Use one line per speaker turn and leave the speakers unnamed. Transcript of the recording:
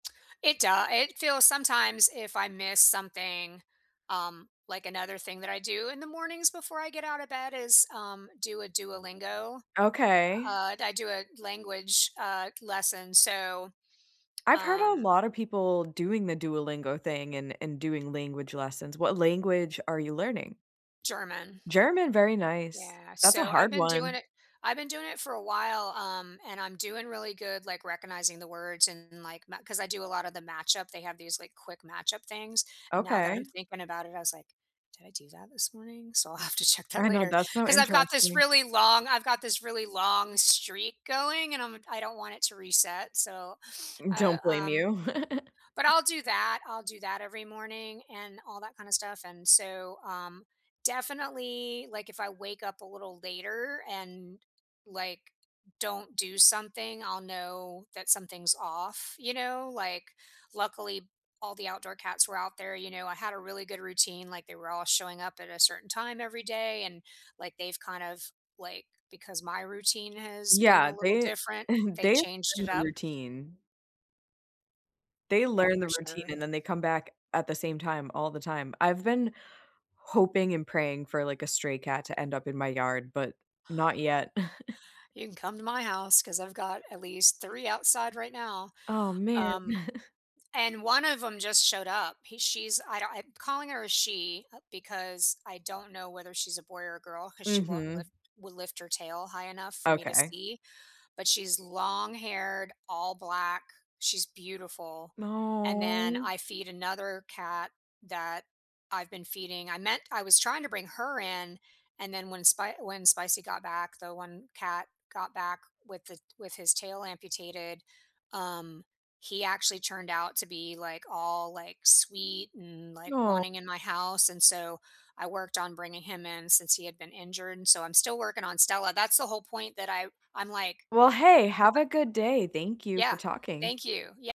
It doe it feels sometimes, if I miss something, um, like, another thing that I do in the mornings before I get out of bed is, um, do a Duolingo?
Okay.
Uh, du I do a language, uh, lesson, so,
I've heard a
um
lotta people doing the Duolingo thing and and doing language lessons. What language are you learning?
German.
German, very nice.
Yeah,
That's a
so I've
hard
been doing
one.
it I've been doing it for a while, um, and I'm doing really good, like, recognizing the words and, like, ma ‘cause I do a lot of the matchup, they have these, like, quick matchup things, and now that I'm
Okay.
thinking about it, I was like, "Did I do that this morning?" So I'll have to check that
I know,
later,
that's so
'cause I've got this
interesting.
really long I've got this really long streak going and, um, I don't want it to reset, so I,
Don't blame
um
you.
but I'll do that, I'll do that every morning and all that kinda stuff, and so, um, definitely, like, if I wake up a little later and, like, don't do something, I'll know that something's off, you know? Like, luckily, all the outdoor cats were out there, you know, I had a really good routine, like, they were all showing up at a certain time every day, and, like, they've kind of, like, because my routine has been
Yeah,
a little
they
different, they
they learn
changed it
the
up.
routine. They
Yeah,
learn the
for
routine
sure.
and then they come back at the same time, all the time. I've been hoping and praying for, like, a stray cat to end up in my yard, but not yet.
You can come to my house 'cause I've got at least 3 outside, right now,
Oh, man.
um, and 1 of 'em just showed up, he she's I don't I'm calling her a she, uh, because I don't know whether she's a boy or a girl 'cause she won't
Mhm.
lift will lift her tail high enough for me to
Okay.
see, but she's long-haired, all black, she's beautiful. And then,
No.
I feed another cat that I've been feeding. I meant I was trying to bring her in, and then when Spi when Spicy got back, the one cat got back with the with his tail amputated, um, he actually turned out to be, like, all, like, sweet and, like,
Aw.
wanting in my house, and so I worked on bringing him in since he had been injured, and so I'm still working on Stella. That's the whole point that I I'm like
Well, hey,
just
have a
like
good day, thank you for
Yeah,
talking.
thank you, ye